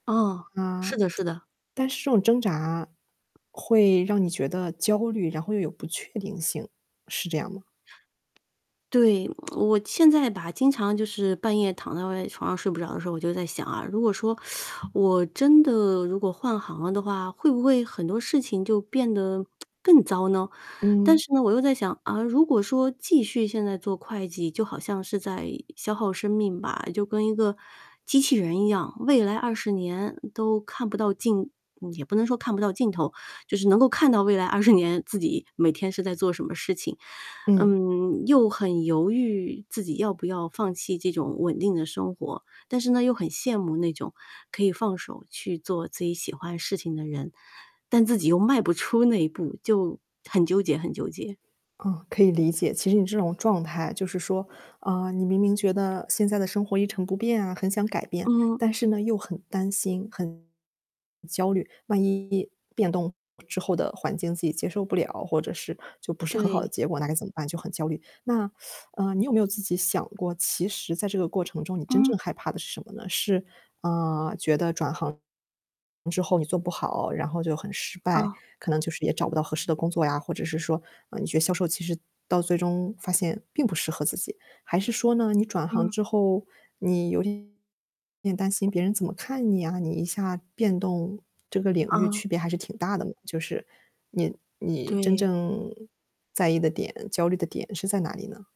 哦，是嗯，的是的。但是这种挣扎，会让你觉得焦虑，然后又有不确定性，是这样吗？对，我现在吧，经常就是半夜躺在外床上睡不着的时候，我就在想啊，如果说 我真的如果换行了的话，会不会很多事情就变得 更糟呢？但嗯。是呢，我又在想，嗯，如果说继续现在做会计，就好像是在消耗生命吧，就跟一个机器人一样，未来20年，都看不到尽嗯，也不能说看不到尽头，就是能够看到未来20年自己每天是在做什么事情。嗯。嗯，又很犹豫自己要不要放弃这种稳定的生活。但是呢，又很羡慕那种，可以放手去做自己喜欢事情的人，但自己又迈不出那一步，就很纠结很纠结。嗯，可以理解。其实你这种状态，就是说，嗯，你明明觉得，现在的生活一成不变啊，很想改变，嗯。但是呢，又很担心、很焦虑，万一变动之后的环境自己接受不了，或者是就不是很好对。的结果，那该怎么办？就很焦虑。那，呃，你有没有自己想过，其实在这个过程中你真嗯。正害怕的是什么呢？是，呃，觉得转行之后你做不好，然后就很失败。哦。可能就是也找不到合适的工作呀，或者是说，嗯，你觉得销售其实到最终发现并不适合自己？还是说呢，你转行嗯。之后，你有点担心别人怎么看你啊，你一下变动这个领域，嗯。区别还是挺大的嘛。就是你你真对。正在意的点、焦虑的点是在哪里呢？